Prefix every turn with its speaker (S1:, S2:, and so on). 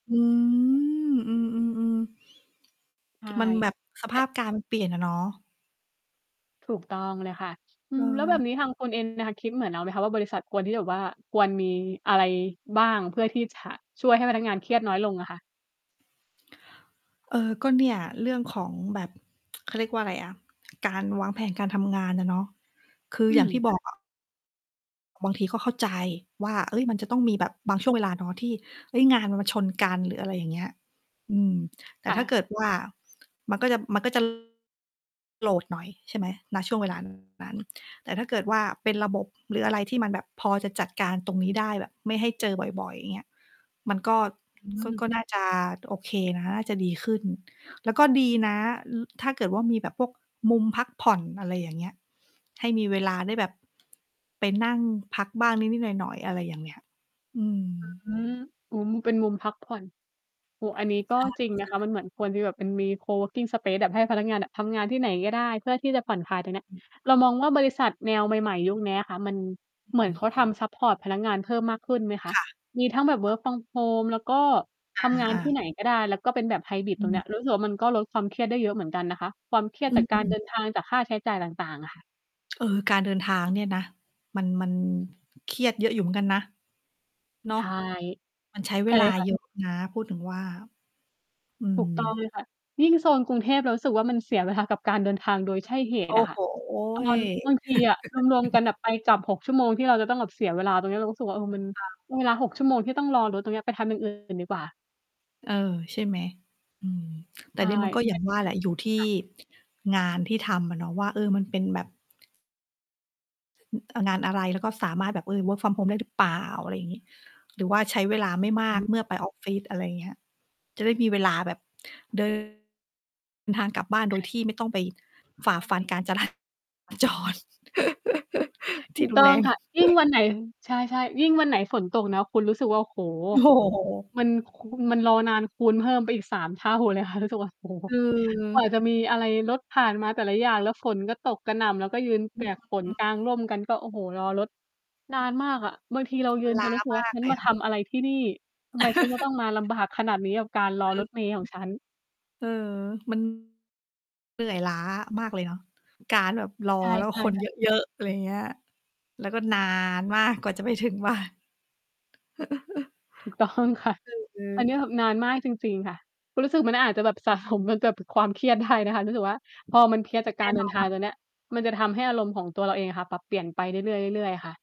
S1: อืม อือ ๆ
S2: ใช่
S1: ๆ มันแบบ ส
S2: แ
S1: ภ
S2: ต่
S1: าพการณ์เปลี่ยนอะเนาะ
S2: ถูกต้องเลยค่ะ อืม แล้วแบ
S1: เออ
S2: บนี้ทางคุณ เองน่ะค่ะ คิดเหมือนเราไหมคะว่า บริษัทควรที่จะแบบว่า ควรมีอะไรบ้าง เพื่อที่จะช่วยให้พนักงานเครียดน้อยลงอะค่ะ?
S1: เออ ก็เนี่ยเรื่องของแบบ เขาเรียกว่าอะไรอะ การวางแผนการทำงานอะเนาะ คือ
S2: อื
S1: อย่าง
S2: ม
S1: ที่บ
S2: ค
S1: อ
S2: ่
S1: ก
S2: ะ
S1: อะ บางทีก็เข้าใจว่า เฮ้ย มันจะต้องมีแบบบางช่วงเวลาเนาะ ที่ เฮ้ย งานมันมาชนกัน หรืออะไรอย่างเงี้ย อืม แต่
S2: ค่
S1: ถ้า
S2: ะ
S1: เกิดว่า มันก็จะ มันก็ จะ โหลดหน่อย ใช่ไหม ณ ช่วง เวลา นั้น แต่ถ้าเกิดว่าเป็นระบบ หรืออะไรที่มันแบบพอจะจัดการตรงนี้ได้ แบบไม่ให้เจอบ่อย ๆ อย่างเงี้ย มันก็
S2: อื
S1: ก็
S2: ม
S1: ก็น่าจะโอเคนะ น่าจะดีขึ้น แล้วก็ดีนะ อ ถ้าเกิดว่า มีแบบพวกมุมพักผ่อน อะไรอย่างเงี้ย ให้มีเวลาได้แบบไปนั่งพักบ้างนิด ๆ หน่อย ๆ อะไรอย่างเงี้ย อืม
S2: อืม อืม เป็นมุมพักผ่อน โอ้ อันนี้ก็จริง
S1: ใ
S2: น
S1: ช
S2: ะ
S1: ่
S2: คะ ม
S1: ๆ
S2: ันเหมือนควรที่แบบ เป็นมี coworking space อะ ให้พนักงานอะ ทำงานที่ไหนก็ได้ เพื่อที่จะผ่อนคลายตรงเนี้ย
S1: อือ
S2: เรามองว่าบริษัทแนวใหม่ ๆ ยุคเนี้ยค่ะ มัน
S1: อือ
S2: เหมื
S1: ฮ
S2: อนเ
S1: ึ
S2: ขาทำซัปพอร์ตพนักงาน เพิ่มมากขึ้นไหมคะ?
S1: ค่ะ
S2: มีทั้งแบบ
S1: เออ
S2: work from home แล้วก็
S1: อ
S2: ทำง
S1: า
S2: า
S1: อ
S2: นที่
S1: า
S2: ไหนก็ได้ แล้วก็เป็นแบบไฮบริด
S1: อ
S2: ตรงเนี้
S1: ืม
S2: ย รู้สึกว่ามันก็ลดความเครียดได้เยอะเหมือนกันนะคะ ความเครีย
S1: อ
S2: ดจากการ
S1: ื
S2: เ
S1: ม
S2: ดิน ทาง จากค่าใช้จ่ายต่าง ๆ อะค่ะ
S1: เออ การเดินทางเนี่ยนะ มัน มันเครียดเยอะอยู่เหมือนกันนะ เนา
S2: ใช
S1: ะ
S2: ่
S1: มันใช้เ
S2: ใ
S1: ว
S2: ช่
S1: ลา
S2: ค่ะ
S1: เยอะ นะ พูดถึงว่า อื
S2: ถู
S1: ม
S2: กต้องเลยค่ะ ยิ่งโซนกรุงเทพเรารู้สึกว่า มันเสียเวลากับการเดินทางโดยใช่เห
S1: โอ
S2: ตุ
S1: ้
S2: อะค
S1: โ
S2: ่ะ
S1: ฮ
S2: ตอน บางทีอะรวม ๆ กันอะไปกลับ 6 ชั่วโมง ที่เราจะต้องแบบเสียเวลาตรงนี้ เรารู้สึกว่า เออ มัน
S1: ค่ะ
S2: เวลา 6 ชั่วโมง ที่ต้องรอรถตรงเนี้ย ไปทำอย่าง อื่น ดีกว่า
S1: เออ ใช่ไหม? อือ แ
S2: ใ
S1: ต่
S2: ช่
S1: นี่มันก็
S2: แ
S1: อ
S2: ท
S1: ย่า
S2: น
S1: ง
S2: ท
S1: ว
S2: ี่
S1: ่า
S2: จ
S1: แ
S2: ะ
S1: หละ อยู่ที่
S2: ค่ะ
S1: งานที่ทำอะเนาะว่า เออ มันเป็นแบบ อ งานอะไร? แล้วก็สามารถแบบ เออ work from home ได้หรือเปล่า? อะไรอย่างงี้ หรือว่าใช้เวลาไม่
S2: อ
S1: มาก
S2: ือ
S1: เมื่อไปออฟฟิศ? อะไรอย่างเงี้ย จะได้มีเวลาแบบ เดิน ทางกลับบ้าน โ
S2: ค
S1: ด
S2: ่
S1: ยที่
S2: ะ
S1: ไม่ต้องไปฝ
S2: ซึ่
S1: ่า
S2: งก็
S1: ฟั
S2: ม
S1: น
S2: ี
S1: การจรา
S2: หลัง
S1: จ
S2: จากนั้น
S1: ร
S2: จ
S1: ท
S2: ถ
S1: ี
S2: ู
S1: ่
S2: ก
S1: รุ
S2: ต
S1: น
S2: ้อ
S1: แร
S2: ง
S1: ง
S2: ค่ะ ยิ่งวันไหน ใช่ ๆ ยิ่งวันไหนฝนตกนะคุณรู้สึกว่า โอ้โฮ
S1: โอ้โฮ
S2: มัน ค คูณ มันรอนาน คูณเพิ่มไปอีก 3 เท่าเลยค่ะ รู้สึกว่า โอ้โฮ
S1: คื
S2: กว่า
S1: อ
S2: จะมีอะไร รถผ่านมาแต่ละอย่าง แล้วฝนก็ตกกระหน่ำ เราก็ยืน
S1: อ
S2: เป
S1: ื
S2: ียกฝน
S1: ม
S2: กางร่มกันก็ โอ้โฮ รอรถนานมากอะ บางทีเรา
S1: ม
S2: ยื
S1: ัน
S2: น
S1: ล
S2: จ
S1: ้า
S2: นรู้สึกว่
S1: ม
S2: า
S1: าก
S2: ฉั
S1: เ
S2: น
S1: ลย
S2: มา
S1: อ
S2: ท
S1: ะ
S2: ำอะไรที่นี่ ทำไมฉันจะต้องมาลำบากขนาดนี้ กับการร
S1: อ
S2: อ
S1: ื
S2: ร
S1: อ
S2: ถเมล์ของฉัน
S1: อือ เออ มัน เหนื่อยล้ามากเลยเนาะ การแบบรอ
S2: ใ
S1: แล้ว
S2: ช่
S1: คน
S2: ๆ ค่
S1: เย
S2: ะ
S1: อะ ๆ อะไรอย่างเงี้ย แล้วก็ นาน มากกว่าจะไปถึง บ้าน อ
S2: ถูกต้องค่ะ
S1: ือ อื
S2: อันเนี้
S1: อ
S2: ยแบบนานมากจริง ๆ ค่ะ รู้สึกมันอาจจะแบบ สะสมมากับความเครียด ได้นะคะ รู้สึกว่า พอมันเพลียจาก
S1: แน
S2: กา
S1: ่
S2: รเด
S1: น
S2: ิ
S1: อ
S2: นทาง
S1: น
S2: ตัวเนี้ย มันจะทำให้อารมณ์ของตัวเราเองอะค่ะ ปรับเปลี่ยนไปเรื่อย ๆ เรื่อย ๆ ค่ะ